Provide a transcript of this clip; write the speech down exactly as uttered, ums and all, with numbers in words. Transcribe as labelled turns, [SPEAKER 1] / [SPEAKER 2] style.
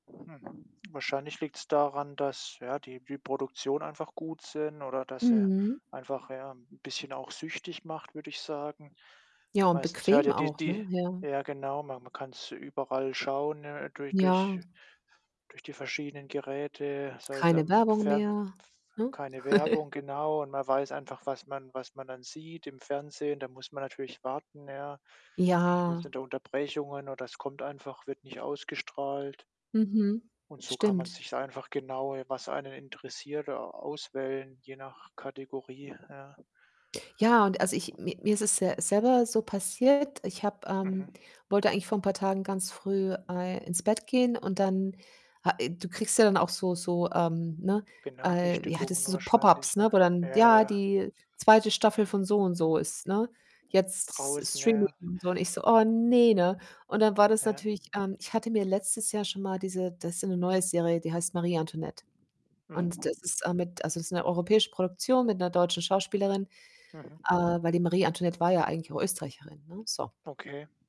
[SPEAKER 1] Hm, wahrscheinlich liegt's daran, dass, ja, die die Produktionen einfach gut sind, oder dass sie
[SPEAKER 2] Mhm.
[SPEAKER 1] einfach, ja, 'n bisschen auch süchtig macht, würde ich sagen.
[SPEAKER 2] Ja, und
[SPEAKER 1] Meistens hört
[SPEAKER 2] bequem
[SPEAKER 1] ja die
[SPEAKER 2] auch,
[SPEAKER 1] die
[SPEAKER 2] ne? Ja.
[SPEAKER 1] ja, genau, man man kann's überall schauen, äh, durch durch
[SPEAKER 2] Ja.
[SPEAKER 1] durch die verschiedenen Geräte, sei es
[SPEAKER 2] Keine
[SPEAKER 1] im
[SPEAKER 2] Werbung
[SPEAKER 1] Fern
[SPEAKER 2] mehr,
[SPEAKER 1] f
[SPEAKER 2] ne?
[SPEAKER 1] keine Werbung, genau, und man weiß einfach, was man was man dann sieht. Im Fernsehen, da muss man natürlich warten, ja. Ich
[SPEAKER 2] Ja.
[SPEAKER 1] meinte da Unterbrechungen oder es kommt einfach wird nicht ausgestrahlt.
[SPEAKER 2] Mhm,
[SPEAKER 1] Und so kann man
[SPEAKER 2] stimmt.
[SPEAKER 1] sich's einfach genau, ja, was einen interessiert, da au auswählen, je nach Kategorie, ja.
[SPEAKER 2] Ja, und, also, ich mi mir ist es ja selber so passiert. Ich habe, ähm
[SPEAKER 1] Mhm.
[SPEAKER 2] wollte eigentlich vor 'n paar Tagen ganz früh, äh, ins Bett gehen und dann ha äh, du kriegst ja dann auch so so ähm, ne äh, wie heit das
[SPEAKER 1] Benachrichtigungen
[SPEAKER 2] diese Pop-Ups,
[SPEAKER 1] wahrscheinlich,
[SPEAKER 2] ne,
[SPEAKER 1] ja.
[SPEAKER 2] wo dann
[SPEAKER 1] Ja,
[SPEAKER 2] ja,
[SPEAKER 1] ja.
[SPEAKER 2] die zweite Staffel von so und so ist, ne, jetzt S S
[SPEAKER 1] Draußen, ja,
[SPEAKER 2] Streaming
[SPEAKER 1] ja.
[SPEAKER 2] und so. Und ich so: „Oh, ne, ne?“ Und dann war das
[SPEAKER 1] Ja.
[SPEAKER 2] natürlich, ähm ich hatte mir letztes Jahr schon mal diese das ist so 'ne neue Serie, die heißt Marie Antoinette. Und
[SPEAKER 1] Mhm.
[SPEAKER 2] das ist, äh, mit also, das ist 'ne europäische Produktion mit 'ner deutschen Schauspielerin,
[SPEAKER 1] Mhm.
[SPEAKER 2] ähm, weil die Marie Antoinette war ja eigentlich auch Österreicherin, ne, so.
[SPEAKER 1] Okay.